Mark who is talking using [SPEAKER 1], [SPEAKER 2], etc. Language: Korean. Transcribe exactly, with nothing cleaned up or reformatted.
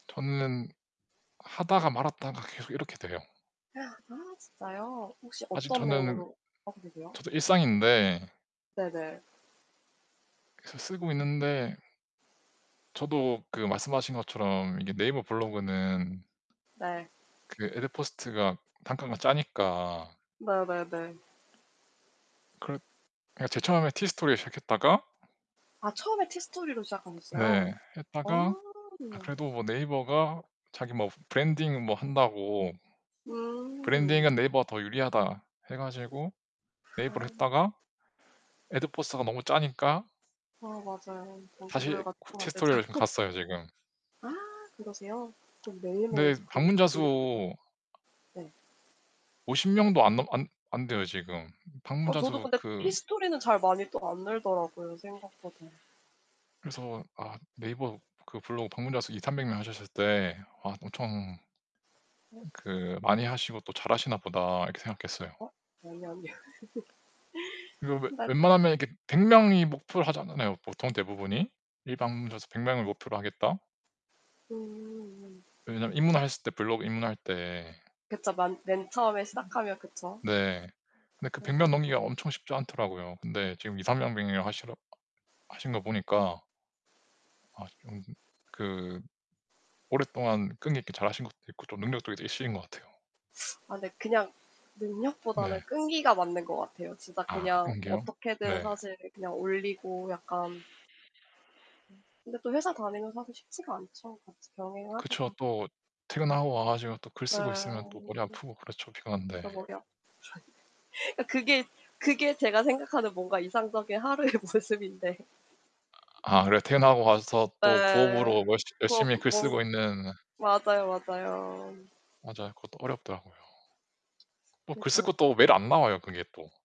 [SPEAKER 1] 저는 하다가 말았다가 계속 이렇게 돼요.
[SPEAKER 2] 아 진짜요? 혹시
[SPEAKER 1] 아직
[SPEAKER 2] 어떤
[SPEAKER 1] 저는
[SPEAKER 2] 내용으로 하고 계세요?
[SPEAKER 1] 저도 일상인데
[SPEAKER 2] 네네.
[SPEAKER 1] 그래서 쓰고 있는데 저도 그 말씀하신 것처럼 이게 네이버 블로그는
[SPEAKER 2] 네.
[SPEAKER 1] 그 애드포스트가 단가가 짜니까.
[SPEAKER 2] 네네네.
[SPEAKER 1] 그러 그러니까 제일 처음에 티스토리로 시작했다가
[SPEAKER 2] 아, 처음에 티스토리로 시작하셨어요?
[SPEAKER 1] 네.
[SPEAKER 2] 아.
[SPEAKER 1] 했다가 아
[SPEAKER 2] 우와.
[SPEAKER 1] 그래도 뭐 네이버가 자기 뭐 "브 브랜딩 뭐 한다고"
[SPEAKER 2] 음.
[SPEAKER 1] "브랜딩은 네이버가 더 유리하다." 해 가지고 네이버로
[SPEAKER 2] 아.
[SPEAKER 1] 했다가 애드포스트가 너무 짜니까
[SPEAKER 2] 아 맞아요.
[SPEAKER 1] 다시
[SPEAKER 2] 동기부여가
[SPEAKER 1] 구
[SPEAKER 2] 쪼끔 안 되죠.
[SPEAKER 1] 티스토리로 지금 갔어요 지금.
[SPEAKER 2] 아 그러세요? 그럼
[SPEAKER 1] 네.
[SPEAKER 2] 매일매일 글
[SPEAKER 1] 방문자
[SPEAKER 2] 올리고 계세요?
[SPEAKER 1] 수
[SPEAKER 2] 네.
[SPEAKER 1] 오십 명도 안 넘 안 안 돼요 지금.
[SPEAKER 2] 어.
[SPEAKER 1] 방문자
[SPEAKER 2] 저도
[SPEAKER 1] 수
[SPEAKER 2] 근데
[SPEAKER 1] 그
[SPEAKER 2] 티스토리는 잘 많이 또 안 늘더라고요, 생각보다.
[SPEAKER 1] 그래서 아 네이버 그 블로그 방문자 수 이삼백 명 하셨을 때 아 엄청 음
[SPEAKER 2] 그렇죠.
[SPEAKER 1] 그 '많이 하시고 또 잘하시나 보다.' 이렇게 생각했어요.
[SPEAKER 2] 어, 아니 아니야.
[SPEAKER 1] 이거 웨
[SPEAKER 2] 낙
[SPEAKER 1] 웬만하면 이렇게 백 명이 목표를 하잖아요, 보통 대부분이. '일 방문자 수 백 명을 목표로 하겠다.'
[SPEAKER 2] 음음음.
[SPEAKER 1] 왜냐면 입문핬을 때 블로그 입문할 때
[SPEAKER 2] 그쵸. 만 맨 처음에
[SPEAKER 1] 음
[SPEAKER 2] 시작하면 그쵸.
[SPEAKER 1] 네. 근데 그 백 명
[SPEAKER 2] 맞아요.
[SPEAKER 1] 넘기기가 엄청 쉽지 않더라고요. 근데 지금 이삼백 명이라고 하시라 하신 거 보니까 아 좀 그 오랫동안 끈기 있게 잘하신 것도 있고 좀 능력도 이제 있으신 것 같아요.
[SPEAKER 2] 아 근데 그냥
[SPEAKER 1] 네.
[SPEAKER 2] 능력보다는 끈기가 맞는 것 같아요. 진짜
[SPEAKER 1] 아,
[SPEAKER 2] 그냥
[SPEAKER 1] 끈기요?
[SPEAKER 2] 어떻게든
[SPEAKER 1] 네.
[SPEAKER 2] 사실 그냥 올리고 약간 음 근데 또 회사 다니면 사실 쉽지가 않죠 같이
[SPEAKER 1] 그쵸.
[SPEAKER 2] 병행하기가.
[SPEAKER 1] 또 퇴근하고 와 가지고 또 글
[SPEAKER 2] 네.
[SPEAKER 1] 쓰고 있으면 또 머리 아프고 그렇죠, 피곤한데.
[SPEAKER 2] 그쵸, 머리 아프죠. 아 그게 그게 제가 생각하는 뭔가 이상적인 하루의 모습인데.
[SPEAKER 1] 아 그래도 퇴근하고 와서 또
[SPEAKER 2] 예.
[SPEAKER 1] 부업으로 얼시
[SPEAKER 2] 뭐
[SPEAKER 1] 열심히 글
[SPEAKER 2] 뭐
[SPEAKER 1] 쓰고 있는
[SPEAKER 2] 맞아요, 맞아요.
[SPEAKER 1] 맞아요. 그것도 어렵더라고요. 뭐 글 쓸
[SPEAKER 2] 그니까요.
[SPEAKER 1] 것도 매일 안 나와요, 그게 또.